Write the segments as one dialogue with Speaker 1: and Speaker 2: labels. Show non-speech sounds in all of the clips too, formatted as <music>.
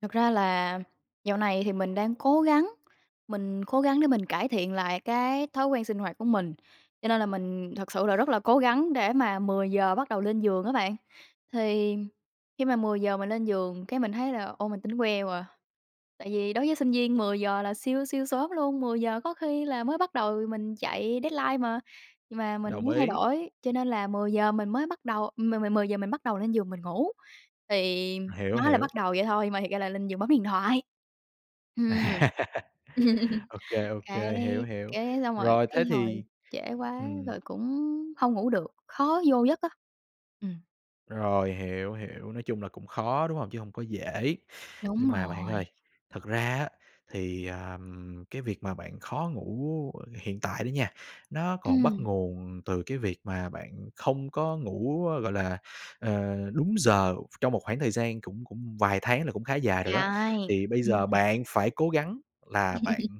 Speaker 1: Thật ra là dạo này thì mình đang cố gắng, mình cố gắng để mình cải thiện lại cái thói quen sinh hoạt của mình, cho nên là mình thực sự là rất là cố gắng để mà 10:00 bắt đầu lên giường á bạn. Thì khi mà 10:00 mình lên giường cái mình thấy là ô, mình tỉnh queo à, tại vì đối với sinh viên 10:00 là siêu siêu sớm luôn, 10:00 có khi là mới bắt đầu mình chạy deadline mà. Nhưng mà mình
Speaker 2: Đồng
Speaker 1: muốn thay
Speaker 2: ý.
Speaker 1: đổi, cho nên là 10:00 mình mới bắt đầu mười mười mười giờ mình bắt đầu lên giường mình ngủ, thì
Speaker 2: Hiểu,
Speaker 1: nói là bắt
Speaker 2: hiểu.
Speaker 1: đầu vậy thôi mà thiệt ra là lên giường bấm điện thoại. Ừm,
Speaker 2: <laughs>
Speaker 1: <chuckles>
Speaker 2: OK, OK,
Speaker 1: cái
Speaker 2: hiểu, hiểu.
Speaker 1: cái xong rồi
Speaker 2: Rồi thế
Speaker 1: thấy thôi,
Speaker 2: thì
Speaker 1: trễ quá
Speaker 2: ừm.
Speaker 1: rồi cũng hông ngủ được, khó vô giấc á. Ừm.
Speaker 2: Rồi, hiểu, hiểu, nói chung là cũng khó, đúng hông? Chứ hông có dễ.
Speaker 1: Đúng
Speaker 2: Nhưng mà bạn
Speaker 1: rồi.
Speaker 2: ơi, thật ra á, thì, à, cái việc mà bạn khó ngủ hiện tại đó nha, nó còn bắt
Speaker 1: Ừm.
Speaker 2: nguồn từ cái việc mà bạn không có ngủ, gọi là, ờ, đúng giờ trong một khoảng thời gian cũng cũng vài tháng là cũng khá dài
Speaker 1: Trời
Speaker 2: rồi đó,
Speaker 1: ơi,
Speaker 2: thì bây
Speaker 1: ừm,
Speaker 2: giờ
Speaker 1: ừm.
Speaker 2: bạn phải cố gắng là bạn,
Speaker 1: <laughs>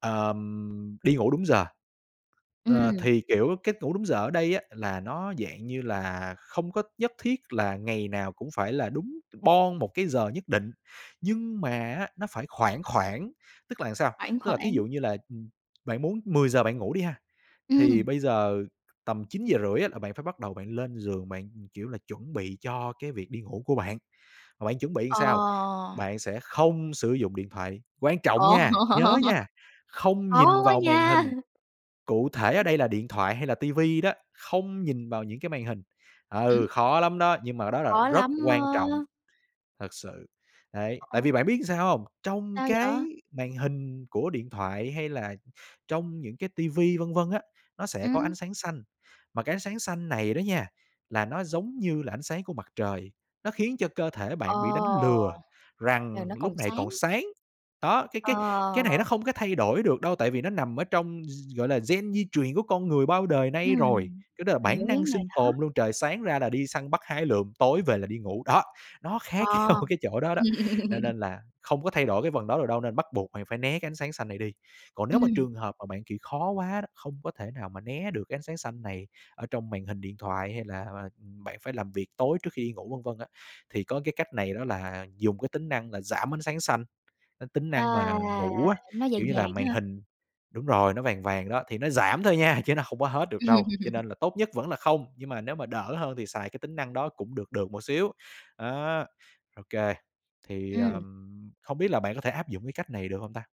Speaker 2: ờm, đi ngủ đúng giờ.
Speaker 1: Ừm.
Speaker 2: Ờ, thì, kiểu, cách ngủ đúng giờ ở đây á, là nó dạng như là không có nhất thiết là ngày nào cũng phải là đúng boong một cái giờ nhất định, nhưng mà á, nó phải khoảng khoảng, tức là sao?
Speaker 1: Khoảng,
Speaker 2: Tức là thí
Speaker 1: khoảng.
Speaker 2: dụ như là, ừm, bạn muốn 10:00 bạn ngủ đi ha, thì
Speaker 1: Ừm.
Speaker 2: bây giờ tầm 9:30 là bạn phải bắt đầu lên giường bạn, kiểu, là chuẩn bị cho cái việc đi ngủ của bạn. Mà bạn chuẩn bị
Speaker 1: Ờ!
Speaker 2: sao? Bạn sẽ không sử dụng điện thoại, quan trọng
Speaker 1: Ờ.
Speaker 2: nha, nhớ nha,
Speaker 1: <laughs>
Speaker 2: không
Speaker 1: Khó
Speaker 2: nhìn
Speaker 1: quá
Speaker 2: vào màn
Speaker 1: nha.
Speaker 2: hình, cụ thể ở
Speaker 1: Ừm.
Speaker 2: đây là điện thoại hay là TV đó, không nhìn vào những cái màn hình.
Speaker 1: Ừm.
Speaker 2: Ừ, khó lắm đó, nhưng mà đó là
Speaker 1: Khó
Speaker 2: rất
Speaker 1: lắm
Speaker 2: quan trọng,
Speaker 1: á.
Speaker 2: thật sự, đấy.
Speaker 1: Ơ,
Speaker 2: Tại
Speaker 1: ồ.
Speaker 2: vì bạn biết sao hông? Trong
Speaker 1: Sao
Speaker 2: cái
Speaker 1: vậy?
Speaker 2: màn hình của điện thoại hay là trong những cái TV vân vân á, nó sẽ có
Speaker 1: Ừm.
Speaker 2: ánh sáng xanh, mà cái ánh sáng xanh này đó nha, là nó giống như là ánh sáng của mặt trời, nó khiến cho cơ thể
Speaker 1: Ờ!
Speaker 2: bạn bị đánh lừa
Speaker 1: Là
Speaker 2: rằng
Speaker 1: nó còn
Speaker 2: lúc này còn
Speaker 1: sáng.
Speaker 2: sáng. Đó, cái cái cái này
Speaker 1: Ờ!
Speaker 2: nó không có thay đổi được đâu, tại vì nó nằm ở trong gi gọi là, gen di truyền của con người bao đời nay rồi,
Speaker 1: Ừm,
Speaker 2: cái đó là
Speaker 1: mình hiểu
Speaker 2: bản
Speaker 1: cái
Speaker 2: năng
Speaker 1: vấn đề
Speaker 2: sinh
Speaker 1: đó.
Speaker 2: tồn luôn, trời sáng ra là đi săn bắt hái lượm, tối về là đi ngủ. Đó, nó khác nhau
Speaker 1: Ờ.
Speaker 2: cái chỗ đó đó, cho
Speaker 1: <laughs>
Speaker 2: nên là không có thay đổi cái phần đó được đâu nên bắt buộc bạn phải né cái ánh sáng xanh này đi. Còn nếu mà
Speaker 1: Ừm.
Speaker 2: trường hợp mà bạn, kiểu, khó quá đó, không có thể nào mà né được cái ánh sáng xanh này ở trong màn hình điện thoại hay là, à, bạn phải làm việc tối trước khi đi ngủ vân vân á, thì có cái cách này đó là dùng cái tính năng là giảm ánh sáng xanh. Ơ, tính
Speaker 1: À!
Speaker 2: năng mà ngủ á,
Speaker 1: Nó vàng
Speaker 2: kiểu như là
Speaker 1: vàng á
Speaker 2: màn
Speaker 1: hả?
Speaker 2: hình đúng rồi, nó vàng vàng đó, thì nó giảm thôi nha, chứ nó không có hết được đâu, cho
Speaker 1: <laughs>
Speaker 2: nên là tốt nhất vẫn là không, nhưng mà nếu mà đỡ hơn thì xài cái tính năng đó cũng được được một xíu, á, OK. Thì,
Speaker 1: Ừm.
Speaker 2: ờm, không biết là bạn có thể áp dụng cái cách này được hông ta?